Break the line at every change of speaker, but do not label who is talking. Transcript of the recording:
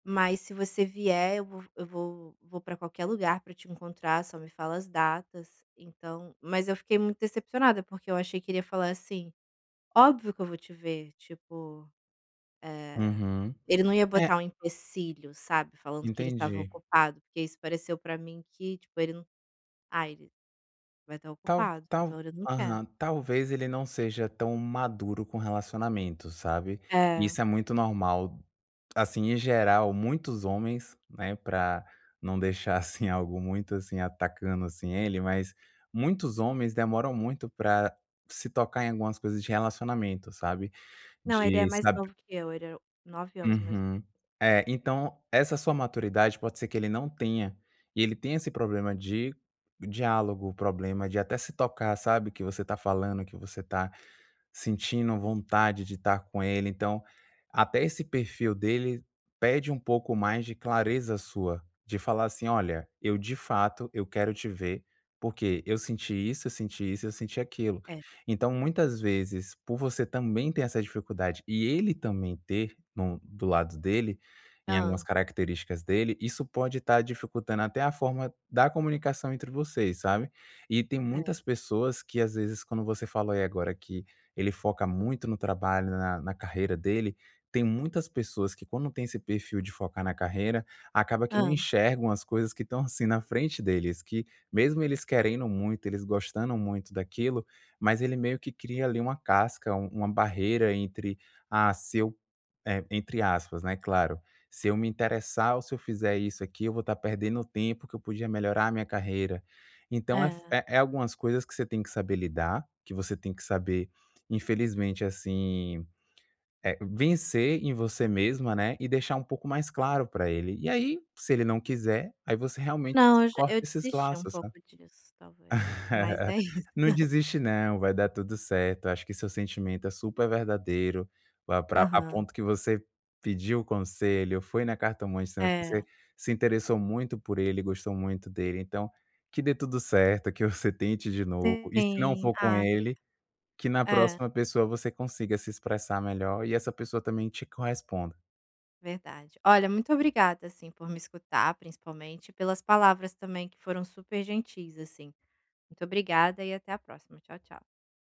Mas se você vier, eu vou eu vou vou pra qualquer lugar pra te encontrar, só me fala as datas, então mas eu fiquei muito decepcionada, porque eu achei que ele ia falar assim: "óbvio que eu vou te ver", tipo, eh,
Uhum,
ele não ia
eh
botar um empecilho sabe, falando que ele estava
Entendi.
ocupado, porque isso pareceu para mim que tipo ele não ah, ele vai estar
Talv
ocupado,
tal
então ele não quer.
aham, talvez ele não seja tão maduro com relacionamento, sabe,
É.
isso é muito normal, assim, em geral muitos homens, né, para não deixar assim algo muito, assim, atacando, assim, ele, mas muitos homens demoram muito para se tocar em algumas coisas de relacionamento, sabe,
Não, ele é
de
mais
sabe
novo que eu, é 9 anos mais no
Uhum, eh, então essa sua maturidade pode ser que ele não tenha, e ele tenha esse problema de diálogo, o problema de até se tocar sabe, o que você tá falando, que você está sentindo vontade de estar com ele, então até esse perfil dele pede um pouco mais de clareza sua, de falar assim: "Olha, eu, de fato, eu quero te ver porque eu senti isso, eu senti isso, eu senti aquilo".
É.
Então, muitas vezes por você também ter essa dificuldade e ele também ter no do lado dele, em algumas
Hã.
características dele, isso pode estar dificultando até a forma da comunicação entre vocês, sabe. E tem
É.
muitas pessoas que às vezes quando você falou aí agora que ele foca muito no trabalho, na na carreira dele, tem muitas pessoas que quando tem esse perfil de focar na carreira, acaba que não
Hã.
enxergam as coisas que estão, assim, na frente deles, que mesmo eles querendo muito, eles gostando muito daquilo, mas ele meio que cria ali uma casca, u uma barreira entre a seu, entre aspas, né, claro, se eu me interessar ou se eu fizer isso aqui eu vou estar perdendo tempo que eu podia melhorar a minha carreira. Então é f
É.
é é algumas coisas que você tem que saber lidar, que você tem que saber infelizmente assim, vencer em você mesma, né, e deixar um pouco mais claro para ele e aí se ele não quiser, aí você realmente
Não, eu já
corta
eu
esses
desisti um
laços,
pouco
sabe.
disso talvez, mas é isso.
Não desiste não, vai dar tudo certo, acho que seu sentimento é super verdadeiro, vai pra a
Aham.
ponto que você pediu conselho, foi na cartomante também,
É.
se interessou muito por ele, gostou muito dele então, que dê tudo certo, que você tente de novo e se não
Sim,
for com
ah, obrigada.
ele, que na
É.
próxima pessoa você consiga se expressar melhor e essa pessoa também te corresponda.
Verdade, olha muito obrigada, assim, por me escutar principalmente e pelas palavras também que foram super gentis, assim, muito obrigada e até a próxima, tchau tchau.